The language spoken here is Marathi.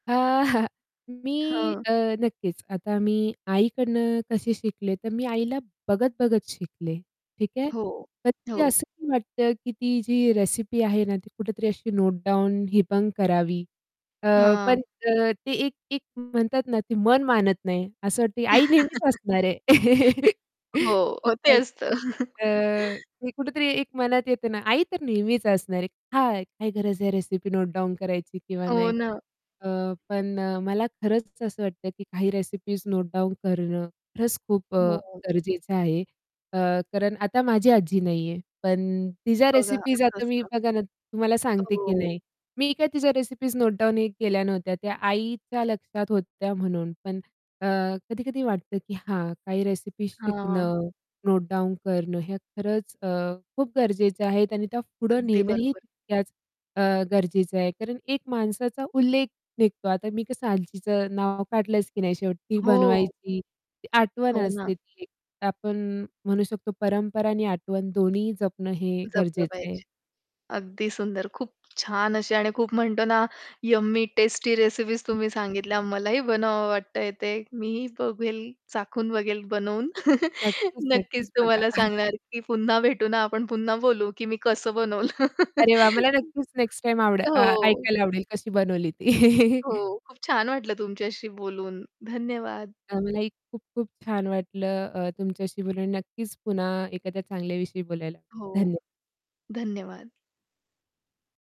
अ, मी हां. अ, नक्कीच, आता मी आईकडून कशी शिकले, तर मी आईला बघत-बघत शिकले, ठीक आहे. हो, पण कधी हो. असं वाटतं, की ती जी रेसिपी आहे ना, ती कुठेतरी अशी नोटडाऊन हिबंग करावी. अ, हां. पण अ, ते एक एक म्हणतात ना, ती मन मानत नाही. असं वाटते आई नेहमीच असणार आहे. हो. हो ते पण असतं. अ, ते कुठेतरी एक मनात येतं ना, आई तर नेहमीच असणार आहे हां. काही गरज आहे रेसिपी नोटडाउन करायची किंवा हो नाही. ना. अ, पण अ, मला खरंच असं वाटतं, की काही रेसिपीज नोटडाउन करणं खरंच खूप अ, हो. गरजेचं आहे अ, कारण आता माझी आजी नाहीये, पण तिच्या बघा रेसिपीज असं आता मी असतं. बघा ना, तुम्हाला सांगते की हो. नाही. मी काय तिच्या रेसिपीज नोटडाउनही केल्या नव्हत्या. त्या आईच्या लक्षात होत्या म्हणून. पण अ, कधी-कधी वाटतं की हां, काही रेसिपीज हां. शिकणं, नोटडाउन करणं हया खरंच अ, खूप गरजेचं आहेत आणि त्या पुढे अगदी नेणंही बरोबर. तितक्याच अ, गरजेचं आहे कारण एक माणसाचा उल्लेख निघतो. आता मी कसं आजीचं नाव काढलंच की नाही शेवटी ती हो. बनवायची. आठवण हो ना. असते ती एक. तर आपण म्हणू शकतो परंपरा आणि आठवण दोन्हीही जपणं हे जपलं गरजेचं आहे. पाहिजे. अगदी सुंदर. खूप छान अशी आणि खूप म्हणतो ना, यम्मी टेस्टी रेसिपीज तुम्ही सांगितल्या. मलाही बनवावं वाटतंय ते. मीही बघेल चाखून बघेल बनवून. नक्कीच, नक्कीच नक्कीच बघा. तुम्हाला सांगणार की पुन्हा भेटू ना आपण पुन्हा बोलू की मी कसं बनवलं. अरे वाह! मला नक्कीच नेक्स्ट टाईम आवडं अ, हो. ऐकायला आवडेल कशी बनवली ती. हो. खूप छान वाटलं तुमच्याशी बोलून. धन्यवाद. अ, मलाही खूप खूप छान वाटलं अ, तुमच्याशी बोलून. नक्कीच, पुन्हा एखादया चांगल्याविषयी बोलायला हो. धन्य धन्यवाद.